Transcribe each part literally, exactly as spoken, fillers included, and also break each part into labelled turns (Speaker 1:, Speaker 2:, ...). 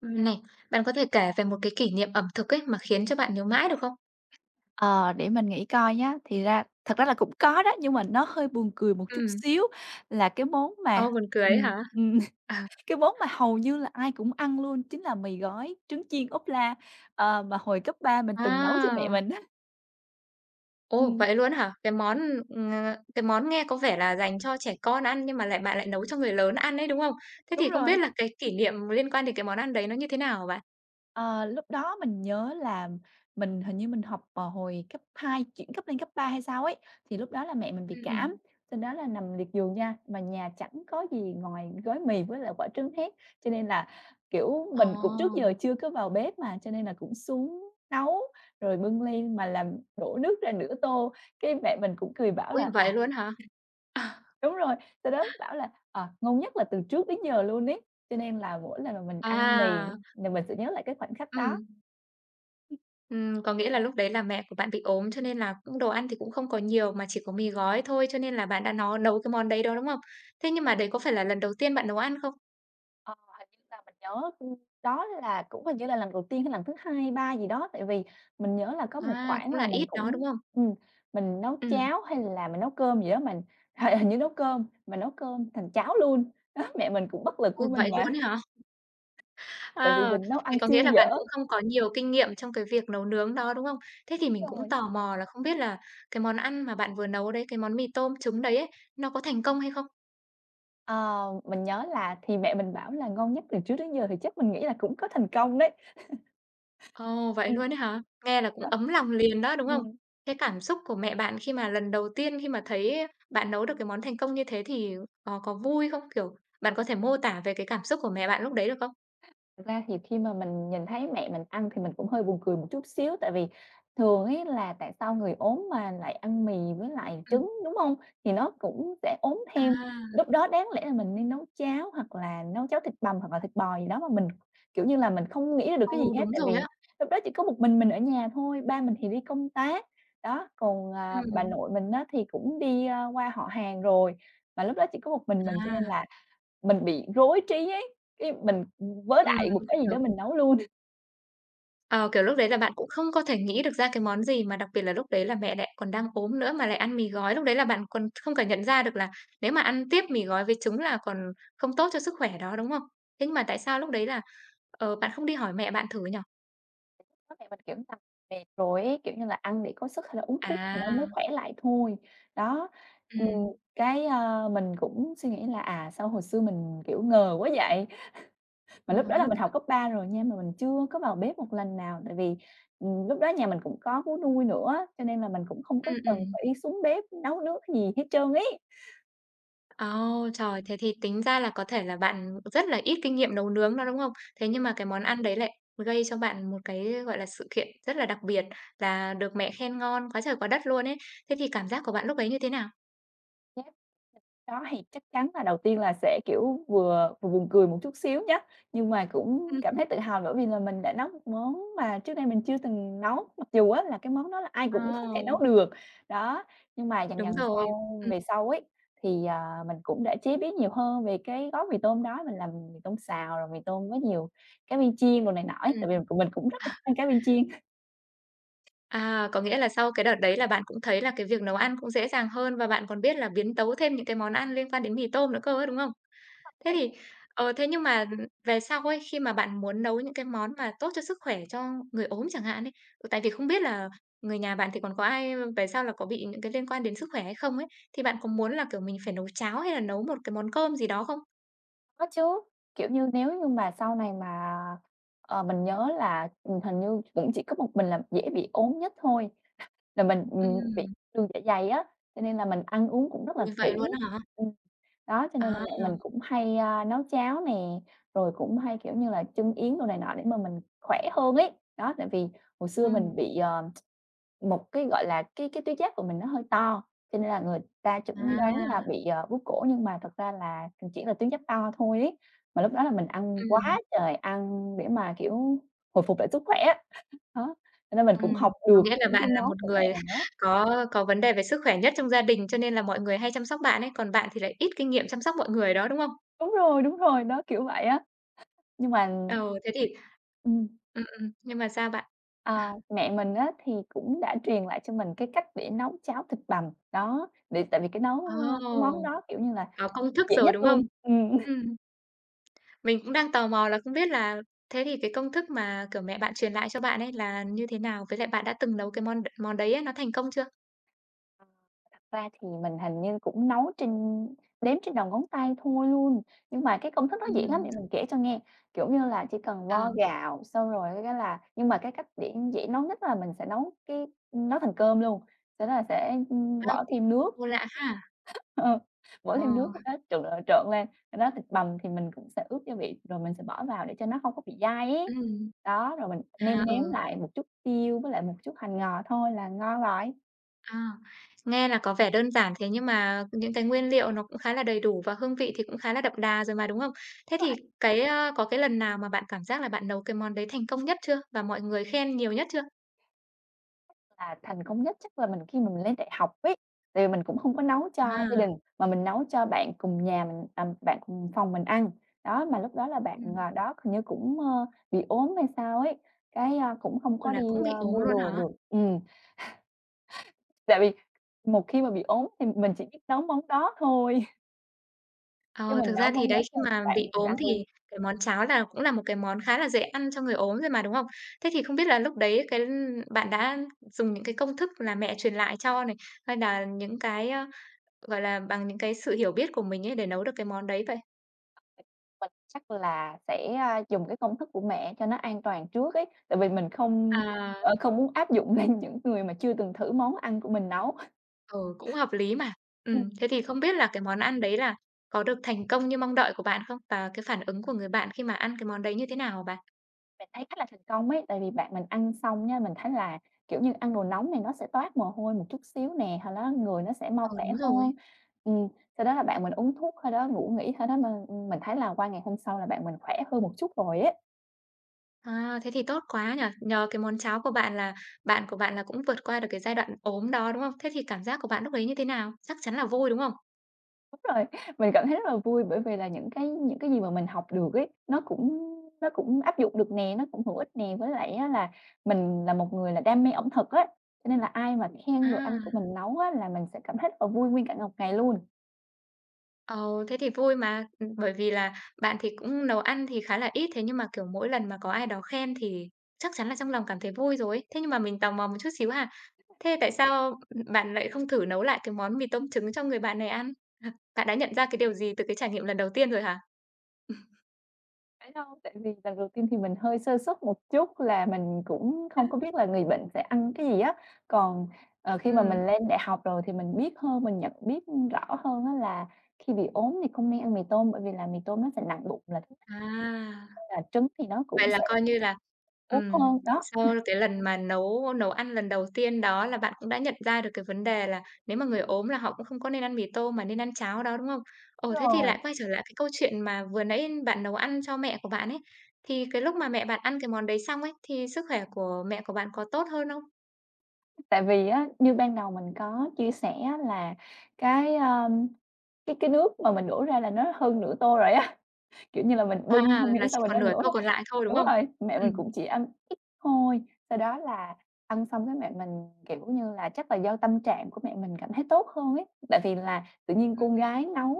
Speaker 1: Ừm, này. Bạn có thể kể về một cái kỷ niệm ẩm thực ấy mà khiến cho bạn nhớ mãi được không?
Speaker 2: Ờ, để mình nghĩ coi nhá. Thì ra thật ra là cũng có đó nhưng mà nó hơi buồn cười một chút
Speaker 1: Ừm.
Speaker 2: xíu là cái món
Speaker 1: Ôi,
Speaker 2: mà,
Speaker 1: buồn cười ấy
Speaker 2: ừm,
Speaker 1: hả?
Speaker 2: ừm,
Speaker 1: Ờ.
Speaker 2: cái món mà hầu như là ai cũng ăn luôn chính là mì gói, trứng chiên ốp la. Ờ, mà hồi cấp ba mình từng nấu cho mẹ
Speaker 1: À.
Speaker 2: mình á.
Speaker 1: Ồ,
Speaker 2: Ừm.
Speaker 1: vậy luôn á hả? Cái món, ừm, ừ, ờ, cái món nghe có vẻ là dành cho trẻ con ăn nhưng mà lại bạn lại nấu cho người lớn ăn ấy, đúng hông? Thế
Speaker 2: Đúng
Speaker 1: thì không biết
Speaker 2: rồi.
Speaker 1: là cái kỷ niệm liên quan đến cái món ăn đấy nó như thế nào hả bạn?
Speaker 2: Ờ, lúc đó mình nhớ là mình hình như mình học, ờ, hồi cấp hai chuyển cấp lên cấp ba hay sao ấy. Thì lúc đó là mẹ mình bị
Speaker 1: Ừm,
Speaker 2: cảm,
Speaker 1: ừm.
Speaker 2: sau đó là nằm liệt giường nha, mà nhà chẳng có gì ngoài gói mì với lại quả trứng hết. Cho nên là, kiểu, mình cũng trước giờ
Speaker 1: À.
Speaker 2: chưa có vào bếp mà cho nên là cũng xuống nấu rồi bưng lên mà làm đổ nước ra nửa tô, cái mẹ mình cũng cười bảo
Speaker 1: Ôi,
Speaker 2: là,
Speaker 1: vậy
Speaker 2: à
Speaker 1: luôn hả? À.
Speaker 2: Đúng rồi, sau đó bảo là, ờ, ngon nhất là từ trước đến giờ luôn ấy. Cho nên là mỗi lần mà mình ăn mì
Speaker 1: À.
Speaker 2: nhà mình sẽ nhớ lại cái khoảnh khắc đó.
Speaker 1: Ừm. Ừm, có nghĩa là lúc đấy là mẹ của bạn bị ốm, cho nên là cũng đồ ăn thì cũng không có nhiều mà chỉ có mì gói thôi. Cho nên là bạn đã nó nấu cái món đấy đó, đúng không? Thế nhưng mà đấy có phải là lần đầu tiên bạn nấu ăn không?
Speaker 2: Ờ, hình như là mình nhớ đó là cũng hình như là lần đầu tiên hay lần thứ hai hay ba gì đó, tại vì mình nhớ là có một
Speaker 1: À,
Speaker 2: khoảng
Speaker 1: cũng
Speaker 2: là
Speaker 1: là
Speaker 2: mình
Speaker 1: ít đó,
Speaker 2: cũng
Speaker 1: đúng không?
Speaker 2: ừm, mình nấu
Speaker 1: Ừm.
Speaker 2: cháo hay là mình nấu cơm gì đó mình hình hình như nấu cơm mà nấu cơm thành cháo luôn. Đó, mẹ mình cũng bất lực
Speaker 1: Ồ,
Speaker 2: với mình
Speaker 1: vậy
Speaker 2: mà.
Speaker 1: luôn ấy hả?
Speaker 2: Tại vì
Speaker 1: Ờ,
Speaker 2: mình nấu ăn
Speaker 1: thế có nghĩa
Speaker 2: siêu
Speaker 1: là bạn
Speaker 2: dở.
Speaker 1: cũng không có nhiều kinh nghiệm trong cái việc nấu nướng đó, đúng không? Thế thì
Speaker 2: Đúng
Speaker 1: mình cũng
Speaker 2: rồi.
Speaker 1: tò mò là không biết là cái món ăn mà bạn vừa nấu đấy, cái món mì tôm trứng đấy ấy, nó có thành công hay không?
Speaker 2: Ờ, mình nhớ là thì mẹ mình bảo là "ngon nhất từ trước đến giờ" thì chắc mình nghĩ là cũng có thành công đấy.
Speaker 1: Ồ, vậy
Speaker 2: Ừm.
Speaker 1: luôn ấy hả? Nghe là cũng
Speaker 2: Đó.
Speaker 1: ấm lòng liền đó, đúng không?
Speaker 2: Ừm.
Speaker 1: Thế cảm xúc của mẹ bạn khi mà lần đầu tiên, khi mà thấy bạn nấu được cái món thành công như thế thì, ờ, có vui không? Kiểu, bạn có thể mô tả về cái cảm xúc của mẹ bạn lúc đấy được không?
Speaker 2: Thật ra thì khi mà mình nhìn thấy mẹ mình ăn thì mình cũng hơi buồn cười một chút xíu, tại vì thường ấy là tại sao người ốm mà lại ăn mì với lại
Speaker 1: Ừm.
Speaker 2: trứng, đúng hông? Thì nó cũng sẽ ốm
Speaker 1: À!
Speaker 2: thêm. Lúc đó đáng lẽ là mình nên nấu cháo hoặc là nấu cháo thịt bằm hoặc là thịt bò gì đó, mà mình, kiểu như là, mình không nghĩ ra được
Speaker 1: Ừ,
Speaker 2: cái gì hết.
Speaker 1: đúng
Speaker 2: Tại vì
Speaker 1: rồi á.
Speaker 2: lúc đó chỉ có một mình mình ở nhà thôi, ba mình thì đi công tác. Đó, còn à, bà
Speaker 1: Ừm.
Speaker 2: nội mình á thì cũng đi qua họ hàng rồi, và lúc đó chỉ có một mình mình, cho nên
Speaker 1: À.
Speaker 2: là mình bị rối trí ấy. Cái mình, ừm, vớ
Speaker 1: Ừm,
Speaker 2: đại một cái gì đó,
Speaker 1: hiểu.
Speaker 2: mình nấu luôn.
Speaker 1: Ờ, kiểu, lúc đấy là bạn cũng không có thể nghĩ được ra cái món gì mà đặc biệt là lúc đấy là mẹ lại còn đang ốm nữa mà lại ăn mì gói. Lúc đấy là bạn còn không cả nhận ra được là nếu mà ăn tiếp mì gói với trứng là còn không tốt cho sức khỏe đó, đúng không? Thế nhưng mà tại sao lúc đấy là, ờ, bạn không đi hỏi mẹ bạn thử nhỉ?
Speaker 2: [unintelligible] Mẹ mình [unintelligible] mệt rồi ấy, kiểu như là, ăn để có sức hay là uống thuốc thì nó mới
Speaker 1: À!
Speaker 2: khỏe lại thôi. Đó, ừm,
Speaker 1: Ừm.
Speaker 2: cái, à, mình cũng suy nghĩ là, à, sao hồi xưa mình, kiểu, ngờ quá vậy.
Speaker 1: Ờ
Speaker 2: Mà lúc đó là
Speaker 1: ha.
Speaker 2: mình học cấp ba rồi nha, mà mình chưa có vào bếp một lần nào, tại vì, ừm, lúc đó nhà mình cũng có vú nuôi nữa, cho nên là mình cũng không có
Speaker 1: Ừm,
Speaker 2: cần
Speaker 1: ừm.
Speaker 2: phải xuống bếp nấu nướng gì hết trơn ấy!
Speaker 1: Ô, trời! Thế thì tính ra là có thể là bạn rất là ít kinh nghiệm nấu nướng đó, đúng không? Thế nhưng mà cái món ăn đấy lại gây cho bạn một cái, gọi là, sự kiện rất là đặc biệt, là được mẹ khen ngon quá trời quá đất luôn ấy. Thế thì cảm giác của bạn lúc ấy như thế nào?
Speaker 2: Nhép đó thì chắc chắn là đầu tiên là sẽ, kiểu, vừa vừa buồn cười một chút xíu nha, nhưng mà cũng cảm
Speaker 1: Ưm.
Speaker 2: thấy tự hào bởi vì là mình đã nấu một món mà trước đây mình chưa từng nấu. Mặc dù á là cái món đó là ai cũng có thể nấu
Speaker 1: Ồ!
Speaker 2: được. Đó, nhưng mà dần
Speaker 1: Đúng
Speaker 2: dần
Speaker 1: rồi.
Speaker 2: sau
Speaker 1: Ừm.
Speaker 2: về sau ấy thì, ờ, mình cũng đã chế biến nhiều hơn về cái gói mì tôm đó. Mình làm mì tôm xào rồi mì tôm có nhiều cá viên chiên, đồ này nọ ấy,
Speaker 1: Ừm.
Speaker 2: tại vì mình cũng rất
Speaker 1: Ờ.
Speaker 2: là thích ăn cá viên chiên.
Speaker 1: À, có nghĩa là sau cái đợt đấy là bạn cũng thấy là cái việc nấu ăn cũng dễ dàng hơn và bạn còn biết là biến tấu thêm những cái món ăn liên quan đến mì tôm nữa cơ ấy, đúng không? Thế
Speaker 2: [unintelligible]
Speaker 1: thì, ờ, thế nhưng mà về sau ấy, khi mà bạn muốn nấu những cái món mà tốt cho sức khỏe cho người ốm chẳng hạn ấy, ừ, tại vì không biết là người nhà bạn thì còn có ai, ơ, về sau là có bị những cái liên quan đến sức khỏe hay không ấy, thì bạn có muốn là, kiểu, mình phải nấu cháo hay là nấu một cái món cơm gì đó không?
Speaker 2: Có chứ. Kiểu như, nếu như mà sau này mà ờ, mình nhớ là, ừm, hình như cũng chỉ có một mình là dễ bị ốm nhất thôi, là mình, ừm, bị
Speaker 1: Ừm.
Speaker 2: đường dạ dày á, cho nên là mình ăn uống cũng rất là
Speaker 1: Ôi,
Speaker 2: kỹ.
Speaker 1: vậy luôn á hả?
Speaker 2: Ừm, đó, cho nên là mẹ
Speaker 1: À!
Speaker 2: mình cũng hay, ơ, nấu cháo nè, rồi cũng hay, kiểu như là, chưng yến đồ này nọ để mà mình khỏe hơn ấy. Đó, tại vì hồi xưa mình
Speaker 1: Ừm.
Speaker 2: bị, ờ, một cái, gọi là, cái cái tuyến giáp của mình nó hơi to, cho nên là người ta chẩn đoán là
Speaker 1: À!
Speaker 2: bị, ờ, bướu cổ, nhưng mà thật ra là, ừm, chỉ là tuyến giáp to thôi ấy. Mà lúc đó là mình ăn
Speaker 1: Ừm.
Speaker 2: quá trời ăn để mà, kiểu, hồi phục lại sức khỏe á. Đó, cho nên mình cũng học
Speaker 1: Ừm. Có
Speaker 2: được
Speaker 1: nghĩa là
Speaker 2: những cái
Speaker 1: bạn là
Speaker 2: món
Speaker 1: một
Speaker 2: của mẹ
Speaker 1: người
Speaker 2: mình nấu.
Speaker 1: có có vấn đề về sức khỏe nhất trong gia đình, cho nên là mọi người hay chăm sóc bạn ấy. Còn bạn thì lại ít kinh nghiệm chăm sóc mọi người đó, đúng không?
Speaker 2: Đúng rồi, đúng rồi, đó, kiểu vậy á. Nhưng mà
Speaker 1: Ờ, thế thì
Speaker 2: Ừm.
Speaker 1: ừm, ừm, nhưng mà sao bạn?
Speaker 2: À, mẹ mình á, thì cũng đã truyền lại cho mình cái cách để nấu cháo thịt bằm, đó, để tại vì cái nấu, ơ, cái món
Speaker 1: Ồ!
Speaker 2: đó, kiểu như là,
Speaker 1: Có công thức
Speaker 2: dễ
Speaker 1: rồi,
Speaker 2: nhất
Speaker 1: đúng không?
Speaker 2: luôn, ừm.
Speaker 1: Ừm. Mình cũng đang tò mò là không biết là thế thì cái công thức mà, kiểu, mẹ bạn truyền lại cho bạn ấy, là như thế nào? Với lại bạn đã từng nấu cái món đ món đấy á, nó thành công chưa?
Speaker 2: Thật ra thì, mình hình như cũng nấu trên đếm trên đầu ngón tay thôi luôn. Nhưng mà cái công thức nó dễ lắm để
Speaker 1: Ừm.
Speaker 2: mình kể cho nghe. Kiểu như là, chỉ cần
Speaker 1: Ờ.
Speaker 2: vo gạo xong rồi cái là nhưng mà cái cách để dễ nấu nhất là mình sẽ nấu cái ừm, nấu thành cơm luôn. Sau đó là sẽ, ưm,
Speaker 1: Ơm,
Speaker 2: bỏ thêm nước.
Speaker 1: ô, lạ ha!
Speaker 2: Ơ, bỏ thêm nước
Speaker 1: Ờ.
Speaker 2: sau đó trộn, trộn, trộn, trộn lên. Sau đó thịt bằm thì mình cũng sẽ ướp gia vị, rồi mình sẽ bỏ vào cho nó hông có bị dai ấy.
Speaker 1: Ừm.
Speaker 2: Đó, rồi mình
Speaker 1: À,
Speaker 2: nêm nếm
Speaker 1: ừ.
Speaker 2: lại một chút tiêu, với lại một chút hành ngò thôi là ngon rồi.
Speaker 1: À, nghe là có vẻ đơn giản, thế nhưng mà những cái nguyên liệu nó cũng khá là đầy đủ và hương vị thì cũng khá là đậm đà rồi mà, đúng không? Thế
Speaker 2: Đúng
Speaker 1: thì,
Speaker 2: rồi.
Speaker 1: cái, ơ, có cái lần nào mà bạn cảm giác là bạn nấu cái món đấy thành công nhất chưa, và mọi người khen nhiều nhất chưa?
Speaker 2: Là thành công nhất chắc là mình, khi mà mình lên đại học ấy. Tại vì mình cũng hông có nấu cho gia
Speaker 1: À!
Speaker 2: đình mà mình nấu cho bạn cùng nhà mình à, bạn cùng phòng mình ăn. Đó, mà lúc đó là bạn,
Speaker 1: Ừm.
Speaker 2: à, đó, hình như cũng, ơ, bị ốm hay sao ấy, cái, a, cũng không
Speaker 1: Ừ,
Speaker 2: có đi,
Speaker 1: là cũng bị
Speaker 2: ơ,
Speaker 1: ốm
Speaker 2: mua
Speaker 1: luôn
Speaker 2: đồ
Speaker 1: hả?
Speaker 2: được ừm. Tại vì một khi mà bị ốm thì mình chỉ biết nấu món đó thôi. Cái
Speaker 1: Ờ,
Speaker 2: mình
Speaker 1: thực
Speaker 2: nấu
Speaker 1: ra thì
Speaker 2: món đó
Speaker 1: đấy khi
Speaker 2: cho
Speaker 1: mà
Speaker 2: bạn
Speaker 1: bị
Speaker 2: mình
Speaker 1: ốm
Speaker 2: ăn luôn.
Speaker 1: thì cái món cháo là cũng là một cái món khá là dễ ăn cho người ốm rồi mà, đúng không? Thế thì không biết là lúc đấy cái bạn đã dùng những cái công thức là mẹ truyền lại cho này, hay nà những cái, ơ, gọi là, bằng những cái sự hiểu biết của mình ấy để nấu được cái món đấy vậy?
Speaker 2: Mình chắc là sẽ, a, dùng cái công thức của mẹ cho nó an toàn trước ấy, tại vì mình không,
Speaker 1: À.
Speaker 2: ờ, không muốn áp dụng lên những người mà chưa từng thử món ăn của mình nấu.
Speaker 1: Ừ, cũng hợp lý mà.
Speaker 2: Ừm.
Speaker 1: Ừm, thế thì không biết là cái món ăn đấy là có được thành công như mong đợi của bạn không? Và cái phản ứng của người bạn khi mà ăn cái món đấy như thế nào hả bạn?
Speaker 2: Mình thấy khá là thành công ấy, tại vì bạn mình ăn xong nhá, mình thấy là, kiểu như, ăn đồ nóng này nó sẽ toát mồ hôi một chút xíu nè, hồi nó người nó sẽ mau
Speaker 1: Ừ,
Speaker 2: khỏe
Speaker 1: đúng
Speaker 2: hơn.
Speaker 1: rồi.
Speaker 2: Ừm, sau đó là bạn mình uống thuốc thôi đó ngủ nghỉ thôi đó mà, ưm, mình thấy là qua ngày hôm sau là bạn mình khỏe hơn một chút rồi ấy.
Speaker 1: À, thế thì tốt quá nhỉ. Nhờ cái món cháo của bạn là bạn của bạn là cũng vượt qua được cái giai đoạn ốm đó, đúng không? Thế thì cảm giác của bạn lúc ấy như thế nào? Chắc chắn là vui, đúng không?
Speaker 2: Đúng rồi, mình cảm thấy rất là vui bởi vì là những cái những cái gì mà mình học được ấy, nó cũng nó cũng áp dụng được nè, nó cũng hữu ích nè, với lại á là mình là một người là đam mê ẩm thực á, cho nên là ai mà khen đồ ăn của
Speaker 1: À!
Speaker 2: mình nấu á, là mình sẽ cảm thấy rất là vui nguyên cả một ngày luôn.
Speaker 1: Ồ, thế thì vui mà! Ừm, bởi vì là bạn thì cũng nấu ăn thì khá là ít, thế nhưng mà, kiểu, mỗi lần mà có ai đó khen thì chắc chắn là trong lòng cảm thấy vui rồi ấy. Thế nhưng mà mình tò mò một chút xíu ha, thế tại sao, ưm, bạn lại không thử nấu lại cái món mì tôm trứng cho người bạn này ăn? Bạn đã nhận ra cái điều gì từ cái trải nghiệm lần đầu tiên rồi hả?
Speaker 2: Phải đâu, tại vì lần đầu tiên thì mình hơi sơ suất một chút là mình cũng không có biết là người bệnh sẽ ăn cái gì á. Còn, ờ, khi mà
Speaker 1: Ừm.
Speaker 2: mình lên đại học rồi thì mình biết hơn mình nhận biết, ưm, rõ hơn á, là khi bị ốm thì không nên ăn mì tôm bởi vì là mì tôm nó sẽ nặng bụng là [unintelligible]
Speaker 1: À,
Speaker 2: nên là trứng thì nó cũng
Speaker 1: vậy là
Speaker 2: sẽ
Speaker 1: coi như là,
Speaker 2: ốm
Speaker 1: ừm,
Speaker 2: hơn, đó.
Speaker 1: sau cái lần mà nấu nấu ăn lần đầu tiên đó là bạn cũng đã nhận ra được cái vấn đề là nếu mà người ốm là họ cũng không có nên ăn mì tôm mà nên ăn cháo đó, đúng không?
Speaker 2: Đúng
Speaker 1: Ồ, thế thì
Speaker 2: rồi.
Speaker 1: lại quay trở lại cái câu chuyện mà vừa nãy bạn nấu ăn cho mẹ của bạn ấy, thì cái lúc mà mẹ bạn ăn cái món đấy xong ấy, thì sức khỏe của mẹ của bạn có tốt hơn không?
Speaker 2: Tại vì á, như ban đầu mình có chia sẻ á, là cái, ơm, cái cái nước mà mình đổ ra là nó hơn nửa tô rồi á, kiểu như, là mình
Speaker 1: À,
Speaker 2: bưng hông hiểu
Speaker 1: là
Speaker 2: sao
Speaker 1: chỉ
Speaker 2: mà
Speaker 1: còn
Speaker 2: nó
Speaker 1: nửa
Speaker 2: đổ
Speaker 1: tô
Speaker 2: ra
Speaker 1: còn lại thôi, đúng
Speaker 2: đúng
Speaker 1: không?
Speaker 2: rồi, mẹ mình cũng
Speaker 1: Ừm.
Speaker 2: chỉ ăn ít thôi. Sau đó là ăn xong cái mẹ mình, kiểu như là, chắc là do tâm trạng của mẹ mình cảm thấy tốt hơn ấy. Tại vì là tự nhiên con
Speaker 1: Ừm.
Speaker 2: gái nấu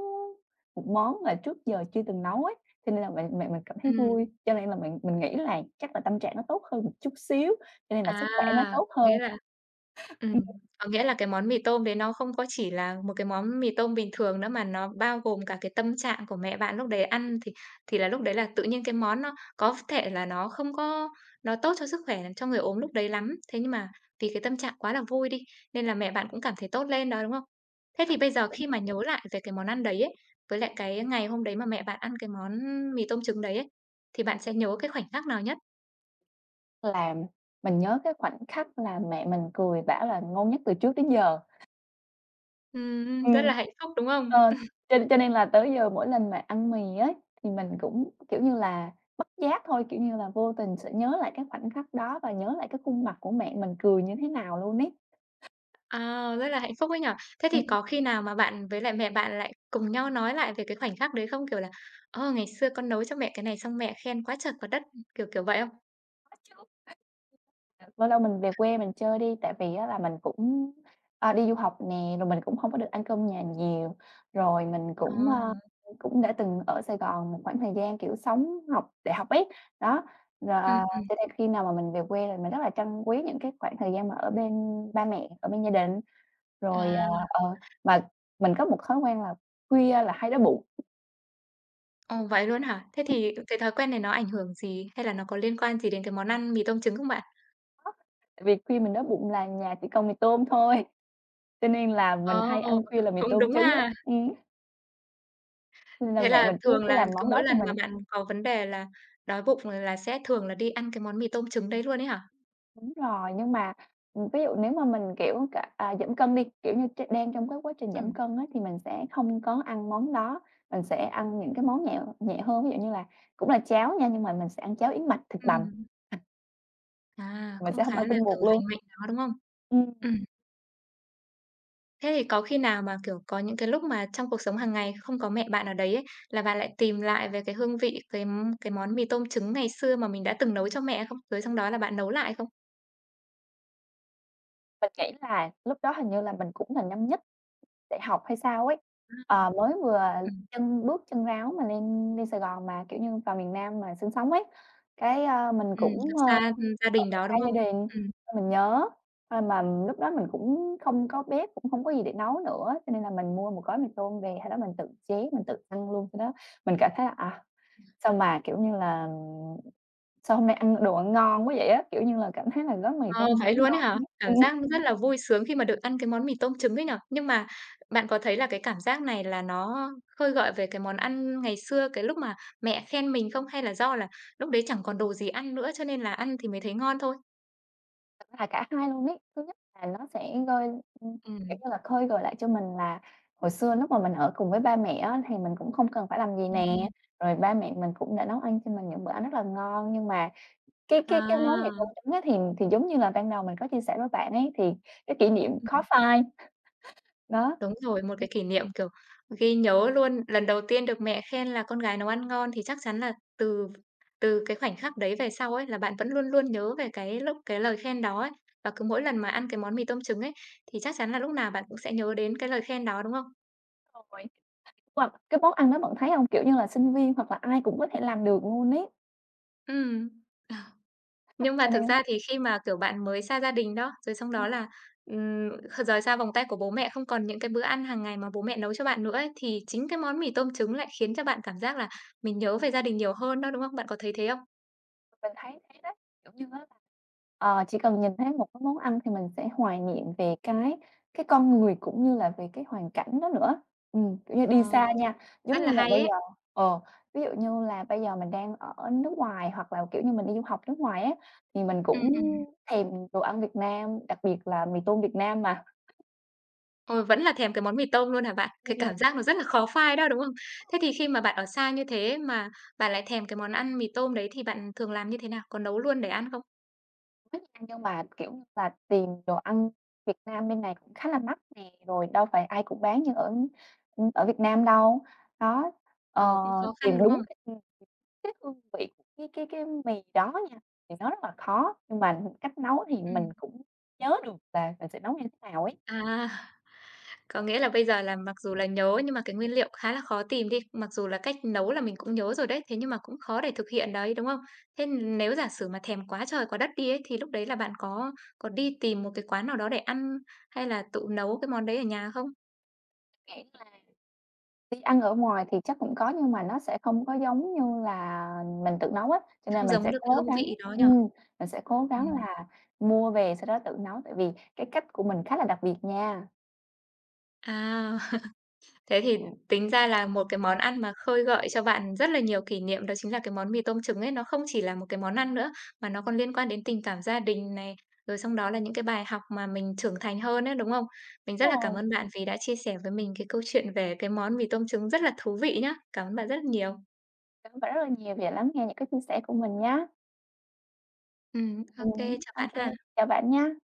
Speaker 2: một món mà trước giờ chưa từng nấu ấy, cho nên là mẹ mẹ mình cảm thấy vui.
Speaker 1: Ừm.
Speaker 2: Cho nên là mình mình nghĩ là chắc là tâm trạng nó tốt hơn một chút xíu, cho nên là
Speaker 1: À,
Speaker 2: sức khỏe nó tốt
Speaker 1: có
Speaker 2: hơn.
Speaker 1: nghĩa là ừm, có nghĩa là cái món mì tôm đấy nó không có chỉ là một cái món mì tôm bình thường nữa mà nó bao gồm cả cái tâm trạng của mẹ bạn lúc đấy ăn thì thì là lúc đấy là tự nhiên cái món nó có thể là nó không có nó tốt cho sức khỏe dành cho người ốm lúc đấy lắm. Thế nhưng mà vì cái tâm trạng quá là vui đi, nên là mẹ bạn cũng cảm thấy tốt lên đó, đúng không? Thế thì bây giờ
Speaker 2: [unintelligible]
Speaker 1: khi mà nhớ lại về cái món ăn đấy ấy, với lại cái ngày hôm đấy mà mẹ bạn ăn cái món mì tôm trứng đấy ấy, thì bạn sẽ nhớ cái khoảnh khắc nào nhất?
Speaker 2: Làm mình nhớ cái khoảnh khắc là mẹ mình cười bảo là ngon nhất từ trước đến giờ.
Speaker 1: Ừm, ưm, rất
Speaker 2: Ừm.
Speaker 1: là hạnh phúc, đúng không?
Speaker 2: Ờ. Cho cho nên là tới giờ mỗi lần mà ăn mì ấy, thì mình cũng, kiểu như là, bất giác thôi, kiểu như là vô tình sẽ nhớ lại cái khoảnh khắc đó và nhớ lại cái khuôn mặt của mẹ mình cười như thế nào luôn ấy.
Speaker 1: Ờ, rất là hạnh phúc ấy nhỉ. Thế thì
Speaker 2: Ừm.
Speaker 1: có khi nào mà bạn với lại mẹ bạn lại cùng nhau nói lại về cái khoảnh khắc đấy không? Kiểu là, ờ, ngày xưa con nấu cho mẹ cái này xong mẹ khen quá trời quá đất, ừm, kiểu, kiểu vậy không?
Speaker 2: Có chứ. Ờ. Lâu lâu mình về quê mình chơi đi tại vì á là mình cũng, à, đi du học nè, rồi mình cũng hông có được ăn cơm nhà nhiều, rồi mình
Speaker 1: Ờ.
Speaker 2: cũng, a, ưm, cũng đã từng ở Sài Gòn một khoảng thời gian, kiểu, sống học đại học ấy. Đó, rồi
Speaker 1: Ừm, ừm.
Speaker 2: cho nên khi nào mà mình về quê thì mình rất là trân quý những cái khoảng thời gian mà ở bên ba mẹ, ở bên gia đình, rồi
Speaker 1: À.
Speaker 2: ờ, ờ, mà mình có một thói quen là khuya là hay đói bụng.
Speaker 1: Ồ, vậy luôn á hả? Thế
Speaker 2: Ừm.
Speaker 1: thì cái thói quen này nó ảnh hưởng gì, hay là nó có liên quan gì đến cái món ăn mì tôm trứng không bạn?
Speaker 2: Có. Tại vì khuya mình đói bụng là nhà chỉ còn mì tôm thôi, cho nên là mình
Speaker 1: Ờ,
Speaker 2: hay ăn khuya là mì
Speaker 1: cũng
Speaker 2: tôm
Speaker 1: đúng
Speaker 2: trứng á.
Speaker 1: ha.
Speaker 2: Ừm. Nên là
Speaker 1: Thế
Speaker 2: mẹ
Speaker 1: là
Speaker 2: mình cứ
Speaker 1: thường
Speaker 2: cứ
Speaker 1: là
Speaker 2: làm
Speaker 1: cứ
Speaker 2: món
Speaker 1: mỗi
Speaker 2: đó cho
Speaker 1: lần mà
Speaker 2: mình.
Speaker 1: bạn có vấn đề là đói bụng là sẽ thường là đi ăn cái món mì tôm trứng đấy luôn ấy hả?
Speaker 2: Đúng rồi, nhưng mà, ừm, ví dụ nếu mà mình, kiểu, cả à, giảm cân đi, kiểu như, tr đang trong cái quá trình giảm
Speaker 1: Ừm.
Speaker 2: cân á thì mình sẽ không có ăn món đó. Mình sẽ ăn những cái món nhẹ nhẹ hơn, ví dụ như là cũng là cháo nha, nhưng mà mình sẽ ăn cháo yến mạch thịt bằm.
Speaker 1: Ừm. À,
Speaker 2: Mình
Speaker 1: cũng
Speaker 2: sẽ hông
Speaker 1: khá
Speaker 2: ăn
Speaker 1: là,
Speaker 2: tinh
Speaker 1: kiểu,
Speaker 2: bột luôn.
Speaker 1: lành mạnh đó, đúng không?
Speaker 2: Ừm.
Speaker 1: Ừm. Thế thì có khi nào mà, kiểu, có những cái lúc mà trong cuộc sống hằng ngày không có mẹ bạn ở đấy ấy, là bạn lại tìm lại về cái hương vị, cái, ưm, cái món mì tôm trứng ngày xưa mà mình đã từng nấu cho mẹ hay không? Rồi xong đó là bạn nấu lại không?
Speaker 2: Mình nghĩ là lúc đó hình như là mình cũng là năm nhất đại học hay sao ấy.
Speaker 1: À.
Speaker 2: Ờ, mới vừa
Speaker 1: Ừm.
Speaker 2: chân bước chân ráo mà lên lên Sài Gòn, mà kiểu như, vào miền Nam mà sinh sống ấy. Cái, a, mình
Speaker 1: Ừm, kiểu,
Speaker 2: cũng, ơ,
Speaker 1: xa, ưm, gia đình
Speaker 2: ở
Speaker 1: đó,
Speaker 2: xa
Speaker 1: đúng
Speaker 2: gia
Speaker 1: không?
Speaker 2: đình
Speaker 1: Ừm.
Speaker 2: xong mình nhớ. Ơ, mà lúc đó mình cũng không có bếp, cũng hông có gì để nấu nữa, cho nên là mình mua một gói mì tôm về, hay đó, mình tự chế, mình tự ăn luôn, khi đó mình cảm thấy là, à, sao mà kiểu như là, "Sao hôm nay ăn đồ ăn ngon quá vậy á." Kiểu như là, cảm thấy là gói mì
Speaker 1: Ờ,
Speaker 2: tôm hôm nay
Speaker 1: vậy
Speaker 2: nó
Speaker 1: luôn ấy hả?
Speaker 2: ngon, [unintelligible]
Speaker 1: Cảm
Speaker 2: ừm.
Speaker 1: giác rất là vui sướng khi mà được ăn cái món mì tôm trứng ấy nhỉ. Nhưng mà bạn có thấy là cái cảm giác này là nó khơi gợi về cái món ăn ngày xưa cái lúc mà mẹ khen mình không, hay là do là lúc đấy chẳng còn đồ gì ăn nữa cho nên là ăn thì mới thấy ngon thôi?
Speaker 2: Thật ra là cả hai luôn ấy. Thứ nhất là nó sẽ gơi, ưm, kiểu
Speaker 1: Ừm.
Speaker 2: như là, khơi gợi lại cho mình là hồi xưa lúc mà mình ở cùng với ba mẹ á, thì mình cũng không cần phải làm gì
Speaker 1: Ừm,
Speaker 2: nè,
Speaker 1: ừm.
Speaker 2: rồi ba mẹ mình cũng đã nấu ăn cho mình những bữa ăn rất là ngon. Nhưng mà cái cái cái món mì tôm
Speaker 1: À!
Speaker 2: trứng á, thì thì giống như là ban đầu mình có chia sẻ với bạn ấy, thì cái kỷ niệm khó
Speaker 1: Ừm.
Speaker 2: phai. Đó.
Speaker 1: Đúng rồi, một cái kỷ niệm, kiểu, ghi nhớ luôn, lần đầu tiên được mẹ khen là "con gái nấu ăn ngon" thì chắc chắn là từ từ cái khoảnh khắc đấy về sau ấy, là bạn vẫn luôn luôn nhớ về cái lúc cái lời khen đó ấy. Và cứ mỗi lần mà ăn cái món mì tôm trứng ấy, thì chắc chắn là lúc nào bạn cũng sẽ nhớ đến cái lời khen đó, đúng không?
Speaker 2: [unintelligible] Hoặc cái món ăn đó bạn thấy không? Kiểu như là, sinh viên hoặc là ai cũng có thể làm được luôn ấy.
Speaker 1: Ừm. Nhưng mà
Speaker 2: Cho
Speaker 1: thực
Speaker 2: nên
Speaker 1: ra thì khi mà, kiểu, bạn mới xa gia đình đó, rồi xong đó
Speaker 2: Ừm.
Speaker 1: là, ừm, rời xa vòng tay của bố mẹ không còn những cái bữa ăn hàng ngày mà bố mẹ nấu cho bạn nữa ấy, thì chính cái món mì tôm trứng lại khiến cho bạn cảm giác là mình nhớ về gia đình nhiều hơn đó, đúng không? Bạn có thấy thế không?
Speaker 2: Mình thấy thế đấy, kiểu như á, ờ, chỉ cần nhìn thấy một cái món ăn thì mình sẽ hoài niệm về cái cái con người cũng như là về cái hoàn cảnh đó nữa. Ừm, kiểu như, đi
Speaker 1: Ờ,
Speaker 2: xa nha,
Speaker 1: rất
Speaker 2: giống như
Speaker 1: là
Speaker 2: là
Speaker 1: hay
Speaker 2: bây
Speaker 1: ấy!
Speaker 2: giờ ờ, ví dụ như là bây giờ mình đang ở nước ngoài hoặc là, kiểu như, mình đi du học nước ngoài ấy, thì mình
Speaker 1: Ừm,
Speaker 2: cũng
Speaker 1: ừm.
Speaker 2: thèm đồ ăn Việt Nam, đặc biệt là mì tôm Việt Nam mà.
Speaker 1: Ôi, vẫn là thèm cái món mì tôm luôn hả bạn? Cái cảm giác nó
Speaker 2: [unintelligible]
Speaker 1: rất là khó phai đó, đúng không? Thế thì khi mà bạn ở
Speaker 2: [unintelligible]
Speaker 1: xa như thế mà bạn lại thèm cái món ăn mì tôm đấy thì bạn thường làm như thế nào? Có nấu luôn để ăn không?
Speaker 2: Thích ăn nhưng mà, kiểu, và tìm đồ ăn Việt Nam bên này khá là mắc nè, rồi đâu phải ai cũng bán như ở, ưm, ở Việt Nam đâu. Đó. Ờ,
Speaker 1: Ờ, cũng khó
Speaker 2: tìm
Speaker 1: khăn, đúng
Speaker 2: đúng
Speaker 1: không?
Speaker 2: cái các hương vị cái cái cái mì đó nha, thì nó rất là khó nhưng mà cách nấu thì mình
Speaker 1: Ừm.
Speaker 2: cũng nhớ được và và sẽ nấu như thế nào ấy.
Speaker 1: À. Có nghĩa là bây giờ là mặc dù là nhớ nhưng mà cái nguyên liệu khá là khó tìm đi, mặc dù là cách nấu là mình cũng nhớ rồi đấy, thế nhưng mà cũng khó để thực hiện đấy, đúng không? Thế, ừm, nếu giả sử mà thèm quá trời quá đất đi ấy thì lúc đấy là bạn có có đi tìm một cái quán nào đó để ăn hay là tự nấu cái món đấy ở nhà không?
Speaker 2: Nghĩ là đi ăn ở ngoài thì chắc cũng có nhưng mà nó sẽ không có giống như là mình tự nấu á, cho nên
Speaker 1: Không
Speaker 2: mình
Speaker 1: giống
Speaker 2: sẽ
Speaker 1: được cái
Speaker 2: cố
Speaker 1: hương
Speaker 2: gắng,
Speaker 1: vị đó nhỉ?
Speaker 2: ừm, mình sẽ cố gắng
Speaker 1: Ừm.
Speaker 2: là mua về sau đó tự nấu tại vì cái cách của mình khá là đặc biệt nha.
Speaker 1: À. Thế thì tính ra là một cái món ăn mà khơi gợi cho bạn rất là nhiều kỷ niệm đó chính là cái món mì tôm trứng ấy. Nó không chỉ là một cái món ăn nữa, mà nó còn liên quan đến tình cảm gia đình này, rồi xong đó là những cái bài học mà mình trưởng thành hơn ấy, đúng không? Mình rất là cảm
Speaker 2: Rồi.
Speaker 1: ơn bạn vì đã chia sẻ với mình cái câu chuyện về cái món mì tôm trứng rất là thú vị nhá. Cảm ơn bạn rất nhiều.
Speaker 2: Cảm ơn bạn rất là nhiều vì đã lắng nghe những cái chia sẻ của mình nhá.
Speaker 1: Ừm, ô
Speaker 2: Ừm.
Speaker 1: kê, chào
Speaker 2: Ô
Speaker 1: bạn
Speaker 2: kê.
Speaker 1: ha.
Speaker 2: Chào bạn nha.